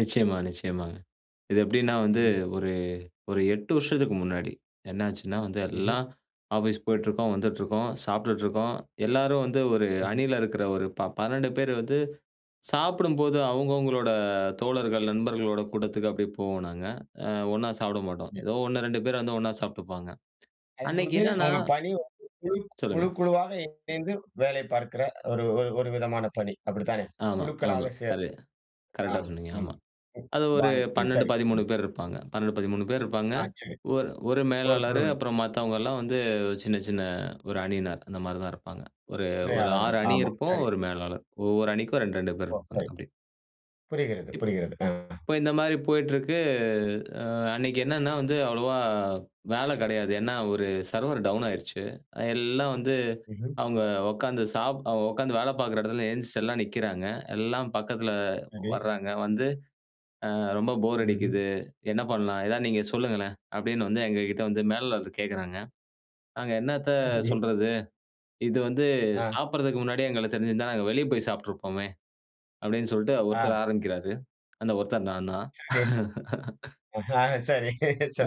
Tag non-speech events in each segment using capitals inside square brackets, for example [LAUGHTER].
நிச்சியமா, நிச்சியமாங்க. இது எப்டின்னா வந்து, ம்ஹம். ஒரு ஒரு 8 வருஷத்துக்கு முன்னாடி என்னாச்சுன்னா வந்து, ம்ஹ்ம். எல்லாம் ஆஃபீஸ் போயிட்டுருக்கோம், வந்துட்ருக்கோம், சாப்ட்டுட்ருக்கோம். எல்லாரும் வந்து, ஒரு ம்ஹம். அணியில இருக்குற ஒரு ப 12 பேர் வந்து, சாப்பிடும்போது அவங்கவங்களோட, தோழர்கள், நண்பர்களோட கூடத்துக்கு அப்டியே போவோம் நாங்க. அ ஒண்ணா சாப்பிட மாட்டோம் ம். ஏதோ ஒண்ணு 2 பேர் வந்து ஒண்ணா சாப்ட்டுப்பாங்க. அது அன்னைக்கு வந்து என்னன்னா உங்க பணி வந்து, குழு க் குழு சொல்லுங்க. குழுவாக இணைந்து வேலை பார்க்கிற ஒரு ஒரு ஒரு விதமான பணி. அப்டித்தானே? ஆமா, ஆமா. குழுக்களாக சேர் களே கரெக்ட்டா ஆம். சொன்னீங்க ம், ஆமா. அது ஒரு பாணி, ம். பன்னெண்டு, சரி, பதிமுணு ம். பேர் இருப்பாங்க. 12, 13 பேர் இருப்பாங்க. ஆ சரி. ஒரு 1 ஒரு மேலாளரு குழுவுல அப்புறம் மத்தவங்கல்லாம் வந்து, சின்ன சின்ன 1 அணியினர். அந்த மாரி தான் இருப்பாங்க. ஒரு 1 துணையாளர்கள். 6 அணி ஆமா. இருப்போம். சரி. 1 மேலாளர். ஒவ்வொரு அணிக்கும் 2, 2 பேர் ஓ! இருப்பாங்க சரி. அப்டி. புரிகிறது, இப் புரிகிறது. அ. இப்ப இந்த மாரி போயிட்ருக்கு. அ அன்னைக்கு என்னென்னா வந்து அவ்வளோவா, அ வேல கிடையாது, ஏன்னா, ஒரு சர்வர் டவுன் ஆயிருச்சு. அ எல்லாம் வந்து ம்ஹ்ம். அவுங்க உக்காந்து சாப் அவங்க உக்காந்து வேல பாக்குற இடத்துல எந்திச்சு எல்லாம் நிக்கிறாங்க. எல்லாம் பக்கத்தில சரி. வர்றாங்க. வந்து, அ "ரொம்ப போர் ம்ஹ்ம். அடிக்குது. என்ன பண்ணலாம்? எதாவது நீங்க சொல்லுங்களேன்" அப்டின்னு வந்து, எங்ககிட்ட வந்து மேலாளர் கேட்குறாங்க. நாங்க, "என்னாத்த [UNINTELLIGIBLE] சொல்றது? இது வந்து, ஆ. சாப்பிடறதுக்கு முன்னாடியே எங்களுக்கு தெரிஞ்சிருந்தா, நாங்க வெளிய போய் சாப்ட்டுருப்போமே!" அப்டின்னு சொல்ட்டு ஆ. 1த்தர் ஆரம்பிக்கிறாரு. அந்த 1த்தர் நான்தான். சரி. [LAUGHS] அஹா, சரி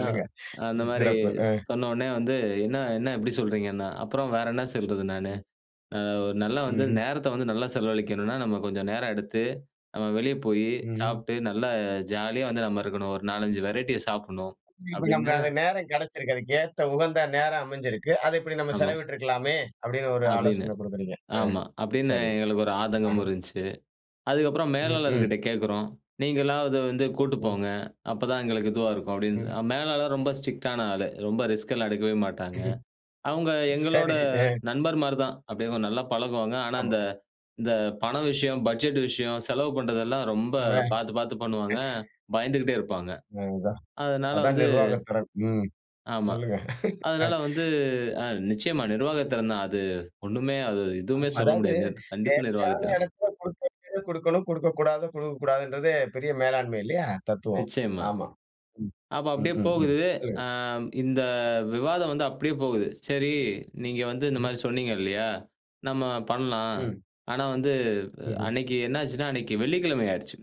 ஆ, அந்த ம் மாரி சிறப்பு அ. சொன்னவொன்னே வந்து, என்ன என்ன இப்டி சொல்றீங்கன்னா, அப்புறம் வேற என்ன சொல்றது நானு? ம். அ "ஒரு நல்லா வந்து, ம்ஹ்ம். நேரத்த வந்து நல்லா செலவழிக்கணும்னா, நம்ம கொஞ்சம் நேரம் எடுத்து, நம்ம வெளிய போயி ம், ம். சாப்ட்டு, நல்லா ஜாலியா வந்து நம்ம இருக்கணும். ஒரு 4, 5 வெரைட்டிய சாப்பிடணும்" இப்ப அப்டின்னு நம்பளுக்கு நேரம் கிடைச்சிருக்கிது. "அதுக்கு ஏத்த, உகந்த நேரம் அமைஞ்சிருக்கு. அதை இப்டி நம்ம ஆமா. செலவிட்டுருக்கலாமே!" அப்டின்னு ஒரு அப்டின்னு. ஆலோசனை குடுக்குறீங்க. ஆ ஆமா, அப்டின்னு சரி. எங்களுக்கு ஒரு ஆதங்கமும் அஹ, இருந்துச்சு. அதுக்கப்புறம் ம், ம். மேலாளர்கிட்ட கேக்கிறோம். "நீங்களாவது வந்து கூட்டு ம். போங்க. அப்போதான் எங்களுக்கு இதுவா இருக்கும்" அப்டின் ம். அ மேலாளர் ரொம்ப ஸ்ட்ரிக்டான ஆளு. ரொம்ப ரிஸ்க்லாம் எடுக்கவே மாட்டாங்க. அவுங்க எங்களோட சரி. அ. நண்பர் மாரி தான். அப்டி அவுங்க நல்லா பழகுவாங்க. ஆனா, ஆமா. இந்த இந்த பண விஷயம், பட்ஜெட் விஷயம், செலவு பண்ணுறதெல்லாம், ரொம்ப அவ [CHUCKLES] பாத்து, பாத்து பண்ணுவாங்க. பயந்துகிட்டே இருப்பாங்க. அது தான் அதனால அதான் வந்து நிர்வாக திறன். ம், ஆமா. சொல்லுங்க. அதனால [CHUCKLES] வந்து அ நிச்சியமா. நிர்வாகத்திறன் தான் அது. ஒண்ணுமே, அது எதுவுமே ஆம், சொல்ல அதாவது முடியாது. கண்டிப்பா தேவையான நிர்வாகத்திறன். எடத்தில குடுக்க வேண்டியத, குடுக்கணும். குடுக்கக்கூடாதது, குடுக்கக்கூடாதுன்றதே பெரிய மேலாண்மை இல்லையா? தத்துவம். நிச்சியமா. ஆமா. ம். அப்ப ம், அப்டியே ம், ம். போகுது. சொல்லுங்க. ஆ, இந்த விவாதம் வந்து அப்டியே போகுது. சரி, நீங்க வந்து இந்த ம். மாரி சொன்னீங்க இல்லையா? நம்ம பண்ணலாம். ம். ஆனா வந்து, ம்ஹ்ம். அன்னைக்கு என்ன ஆச்சுன்னா, அன்னைக்கு வெள்ளிக்கிழமை ஆயிருச்சு.